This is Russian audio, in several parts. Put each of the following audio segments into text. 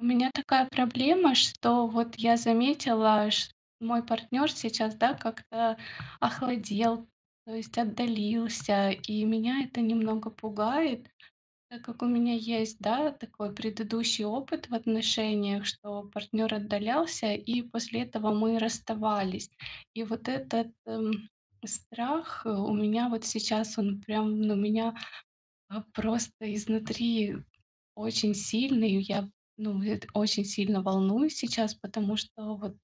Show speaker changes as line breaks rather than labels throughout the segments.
У меня такая проблема, что вот я заметила, ш мой партнер сейчас, да, как-то охладел, то есть отдалился, и меня это немного пугает. Так как у меня есть, да, такой предыдущий опыт в отношениях, что партнер отдалялся, и после этого мы расставались. И вот этот, эм, страх, э, у меня вот сейчас он прям, ну, меня, а, просто изнутри очень сильный. И я, ну, эт очень сильно волнуюсь сейчас, потому что вот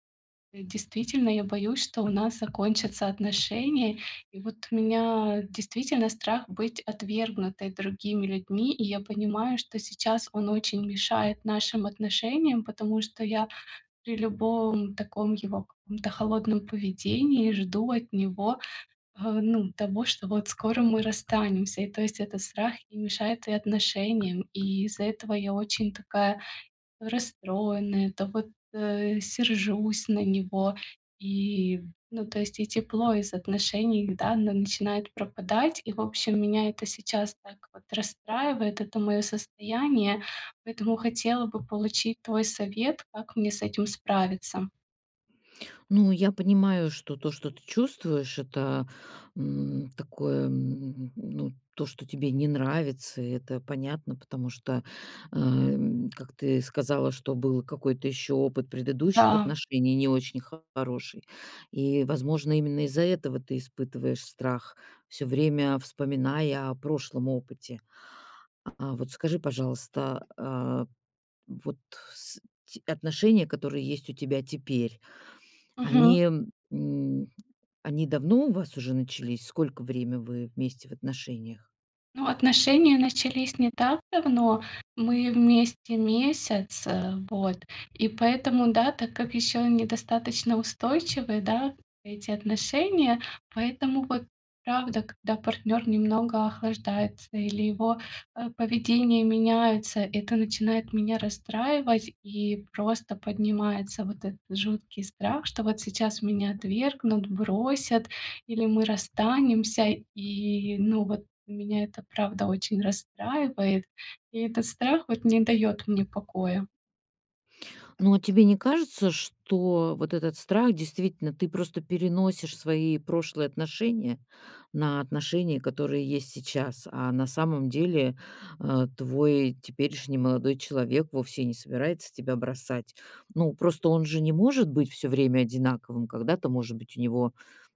действительно я боюсь, что у нас закончатся отношения. И вот у меня действительно страх быть отвергнутой другими людьми, и я понимаю, что сейчас он очень мешает нашим отношениям, потому что я при любом таком его каком-то холодном поведении жду от него, э, ну, того, что вот скоро мы расстанемся, и, то есть, этот страх и мешает и отношениям, и из-за этого я очень такая расстроенная, то вот, э, сержусь на него. И, ну, то есть, и тепло из отношений, да, н начинает пропадать. И, в общем, меня это сейчас так вот расстраивает, это моё состояние, поэтому хотела бы получить твой совет, как мне с этим справиться.
Ну, я понимаю, что то, что ты чувствуешь,- это, м, такое, м ну, то, что тебе не нравится. Это понятно, потому что, а, м, как ты сказала, что был какой-то ещё опыт предыдущих
Да.
отношений не очень хороший. И, возможно, именно из-за этого ты испытываешь страх, всё время вспоминая о прошлом опыте. А а вот скажи, пожалуйста. Э, вот с те отношения, которые есть у тебя теперь,
Мгм.
они, м, они они давно у вас уже начались? Сколько время вы вместе в отношениях?
Ну, отношения начались не так давно, мы вместе месяц, э, вот. И поэтому, да, так как ещё недостаточно устойчивы, да, эти отношения, поэтому, вот, правда, когда партнёр немного охлаждается или его, э, поведение меняется, это начинает меня расстраивать и просто поднимается вот этот жуткий страх, что вот сейчас меня отвергнут, бросят или мы расстанемся. И ну, вот меня это, правда, очень расстраивает. И этот страх вот не даёт мне покоя.
Ну, а тебе не кажется, что вот этот страх действительно, ты просто переносишь свои прошлые отношения на отношения, которые есть сейчас, а на самом деле, а, твой теперешний молодой человек вовсе не собирается тебя бросать. Ну, просто он же не может быть всё время одинаковым. Когда-то, может быть, у него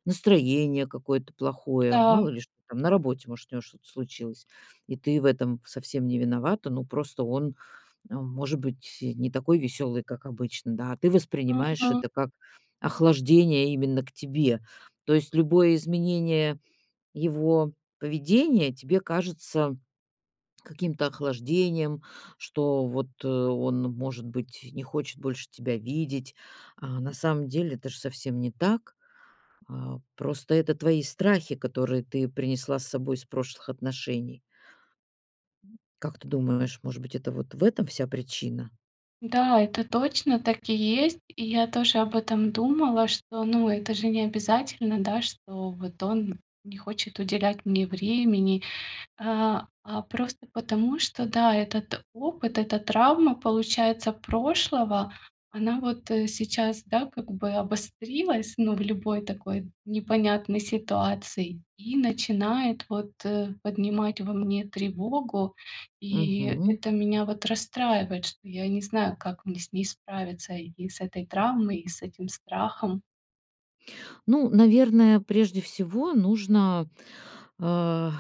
настроение какое-то плохое, мало
Да.
ли что там, на работе, может, у него что-то случилось, и ты в этом совсем не виновата. Ну, просто он, эм, может быть, э, не такой веселый, как обычно, да, а ты воспринимаешь
Мгм.
это как охлаждение именно к тебе. То есть любое изменение его поведения тебе кажется каким-то охлаждением, что вот он, может быть, не хочет больше тебя видеть. А на самом деле, это ж совсем не так. А просто это твои страхи, которые ты принесла с собой из прошлых отношений. Как ты думаешь, может быть, это вот в этом вся причина?
Да, это точно так и есть. И я тоже об этом думала, что, ну, это же необязательно, да, что вот он не хочет уделять мне времени. А а просто потому, что, да, этот опыт, эта травма, получается, прошлого, она вот, э, сейчас, да, как бы обострилась, ну, в любой такой непонятной ситуации и начинает вот, э, поднимать во мне тревогу. И
Мгм.
это меня вот расстраивает, что я не знаю, как мне с ней справиться: и с этой травмой, и с этим страхом.
Ну, наверное, прежде всего нужно, а,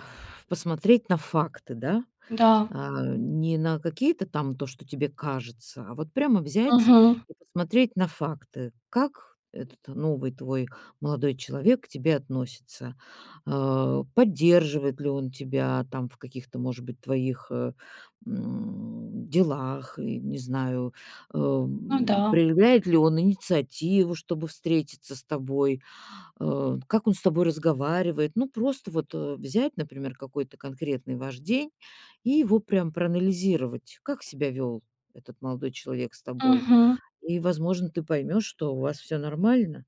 посмотреть на факты, да?
Да.
А не на какие-то там то, что тебе кажется, а вот прямо взять
Мгм.
и посмотреть на факты, как этот новый твой молодой человек к тебе относится, а, поддерживает ли он тебя там, в каких-то, может быть, твоих, э, м делах и, не знаю,
Ну
эм
да.
проявляет ли он инициативу, чтобы встретиться с тобой, э, как он с тобой разговаривает. Ну, просто вот, э, взять, например, какой-то конкретный ваш день и его прям проанализировать, как себя вёл этот молодой человек с тобой.
Ага.
И, возможно, ты поймёшь, что у вас всё нормально?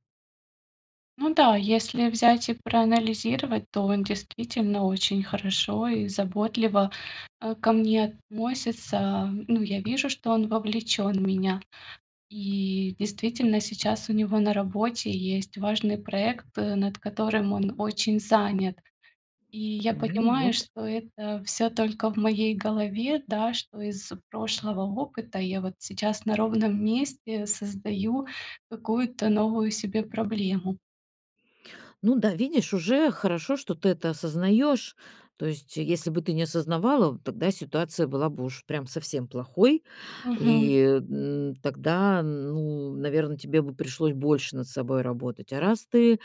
Ну да, если взять и проанализировать, то он действительно очень хорошо и заботливо, э, ко мне относится. Ну, я вижу, что он вовлечен в меня. И действительно сейчас у него на работе есть важный проект, над которым он очень занят. И я
Ну
понимаю,
вот.
что это всё только в моей голове, да что из прошлого опыта я вот сейчас на ровном месте создаю какую-то новую себе проблему.
Ну да, видишь, уже хорошо, что ты это осознаёшь. То есть, если бы ты не осознавала, тогда ситуация была бы уж прям совсем плохой. И,
Мгм.
м, тогда, ну, наверное, тебе бы пришлось больше над собой работать. А раз ты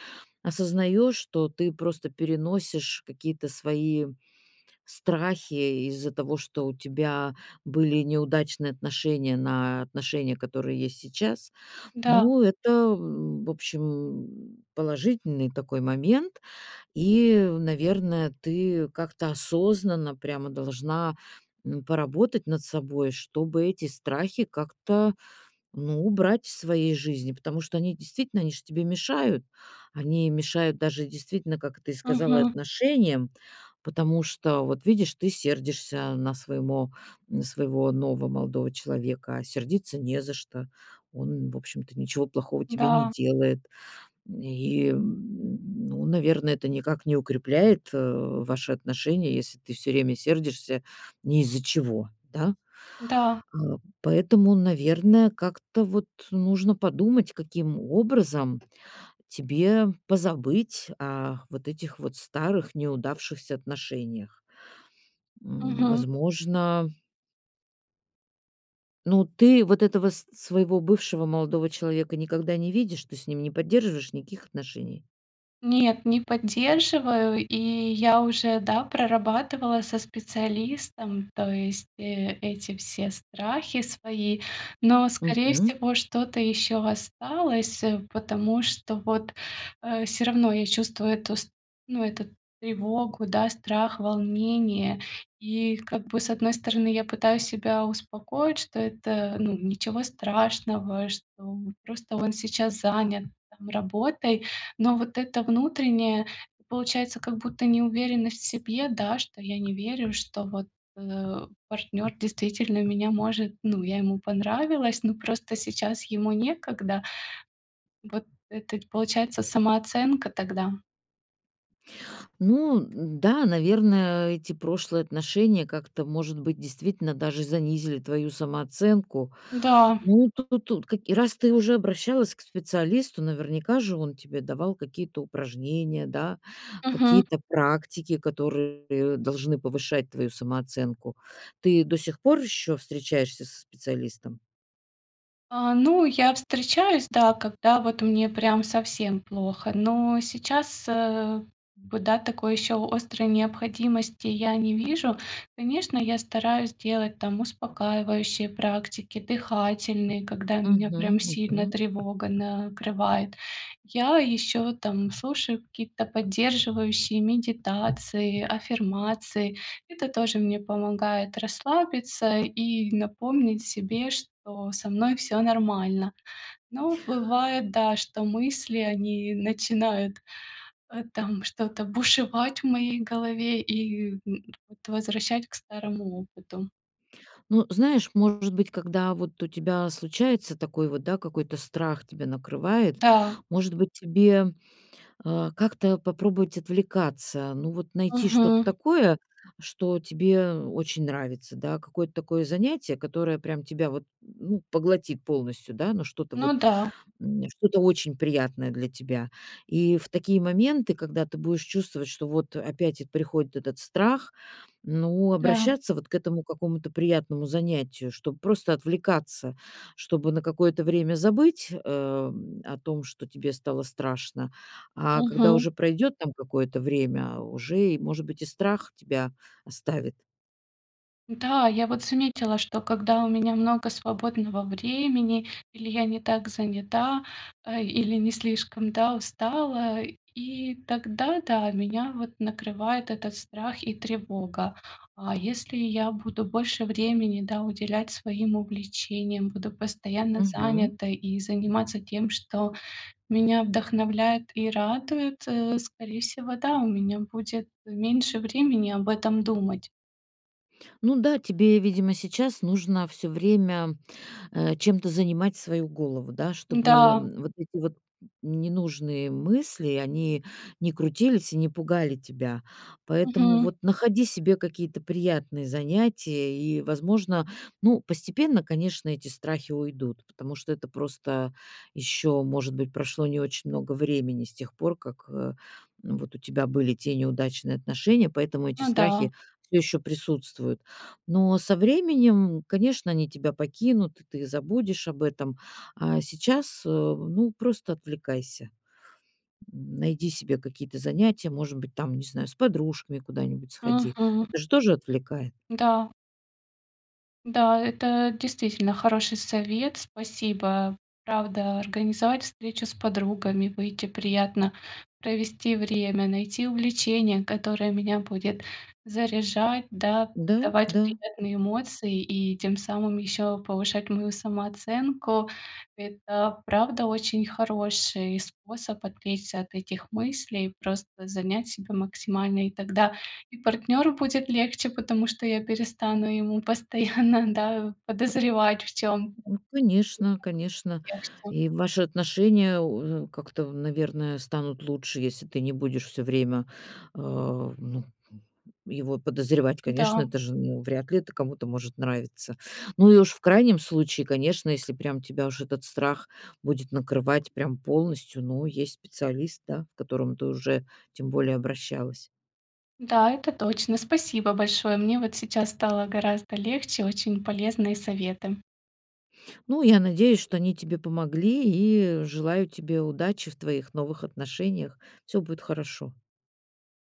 осознаешь, то ты просто переносишь какие-то свои страхи из-за того, что у тебя были неудачные отношения на отношения, которые есть сейчас.
Да.
Ну, это, м, в общем, положительный такой момент. И, наверное, ты как-то осознанно прямо должна, м, поработать над собой, чтобы эти страхи как-то, ну, убрать в своей жизни, потому что они действительно, они же тебе мешают. Они мешают даже действительно, как ты сказала,
Мгм.
отношениям, потому что, вот, видишь, ты сердишься на своемо на своего нового молодого человека, а сердиться не за что. Он, в общем-то, ничего плохого тебе не
Да.
делает. И, ну, наверное, это никак не укрепляет, э, ваши отношения, если ты всё время сердишься не из-за чего, да?
Да.
А, поэтому, наверное, как-то вот нужно подумать, каким образом тебе позабыть о вот этих вот старых, неудавшихся отношениях. М,
Мгм.
возможно Ну, ты вот этого с своего бывшего молодого человека никогда не видишь, ты с ним не поддерживаешь никаких отношений?
Нет, не поддерживаю. И я уже, да, прорабатывала со специалистом, то есть, э, эти все страхи свои. Но, скорее
Мгм.
всего, что-то ещё осталось, э, потому что вот, э, всё равно я чувствую эту ст ну, эту тревогу, да, страх, волнение. И как бы, с одной стороны, я пытаюсь себя успокоить, что это, ну, ничего страшного, что просто он сейчас занят там работой, но вот это внутреннее, получается, как будто неуверенность в себе, да, что я не верю, что вот, э, партнёр действительно меня может, ну, я ему понравилась, но просто сейчас ему некогда. Вот это получается самооценка тогда.
Ну, н-да, наверное, эти прошлые отношения как-то, может быть, действительно даже занизили твою самооценку.
М-да.
Ну, тут тут и раз ты уже обращалась к специалисту, наверняка же он тебе давал какие-то упражнения, да,
Мгм.
какие-то практики, которые должны повышать твою самооценку. Ты до сих пор ещё встречаешься со специалистом?
А, ну, я встречаюсь, да, когда вот мне прям совсем плохо. Но сейчас, э, б да, такой ещё острой необходимости я не вижу. Конечно, я стараюсь делать там успокаивающие практики, дыхательные, когда меня
Мгм
прям сильно
мгм.
тревога накрывает. Я ещё там слушаю какие-то поддерживающие медитации, аффирмации. Это тоже мне помогает расслабиться и напомнить себе, что со мной всё нормально. Но бывает, да, что мысли, они начинают, э, там что-то бушевать в моей голове и, м, вот возвращать к старому опыту.
Ну, знаешь, может быть, когда вот у тебя случается такой вот, да, какой-то страх тебя накрывает,
Да.
может быть, тебе, э, как-то попробовать отвлекаться, ну, вот, найти что-то
Мгм.
такое, что тебе очень нравится, да, какое-то такое занятие, которое прям тебя вот, ну, поглотит полностью, да, но что-то
Ну
вот,
да.
м, что-то очень приятное для тебя. И в такие моменты, когда ты будешь чувствовать, что вот опять эт приходит этот страх, ну,
Да.
обращаться вот к этому какому-то приятному занятию, чтоб просто отвлекаться, чтобы на какое-то время забыть, э, м, о том, что тебе стало страшно, а когда
Мгм.
уже пройдет там какое-то время уже и, может быть, и страх тебя оставит.
Да, я вот заметила, что когда у меня много свободного времени, или я не так занята, э, или не слишком, да, устала, и тогда, да, меня вот накрывает этот страх и тревога. А если я буду больше времени, да, уделять своим увлечениям, буду постоянно
Мгм.
занятой и заниматься тем, что меня вдохновляет и радует, э, скорее всего, да, у меня будет меньше времени об этом думать.
Ну да, тебе, видимо, сейчас нужно всё время, э, чем-то занимать свою голову, да, чтобы,
М-да.
м, вот эти вот ненужные мысли, они не крутились и не пугали тебя. Поэтому
Мгм.
вот находи себе какие-то приятные занятия и, возможно, ну, постепенно, конечно, эти страхи уйдут, потому что это просто ещё, может быть, прошло не очень много времени с тех пор, как, э, вот, у тебя были те неудачные отношения, поэтому эти
Ну да.
страхи всё ещё присутствуют. Но со временем, конечно, они тебя покинут, и ты забудешь об этом. А сейчас, э, ну, просто отвлекайся, м, найди себе какие-то занятия, может быть, там, не знаю, с подружками куда-нибудь сходи.
Мгм.
Это ж тоже отвлекает.
М-да. Да, это действительно хороший совет, спасибо. Правда, организовать встречу с подругами, выйти приятно провести время, найти увлечение, которое меня будет заряжать, да,
Да,
давать
да.
приятные эмоции и тем самым ещё повышать мою самооценку. Это, правда, очень хороший способ отвлечься от этих мыслей, просто занять себя максимально. И тогда и партнёру будет легче, потому что я перестану ему постоянно, да, подозревать в чём-то
Ну конечно, конечно.
[unintelligible] легче.
И ваши отношения, у как-то, наверное, станут лучше, если ты не будешь всё время, э, ну, м, его подозревать. Конечно,
Да.
это же, ну, вряд ли это кому-то может нравиться. Ну и уж в крайнем случае, конечно, если прям тебя уж этот страх будет накрывать прям полностью, ну, есть специалист, да, к которому ты уже тем более обращалась.
Да, это точно. Спасибо большое. Мне вот сейчас стало гораздо легче. Очень полезные советы.
Ну, я надеюсь, что они тебе помогли, и желаю тебе удачи в твоих новых отношениях. Всё будет хорошо.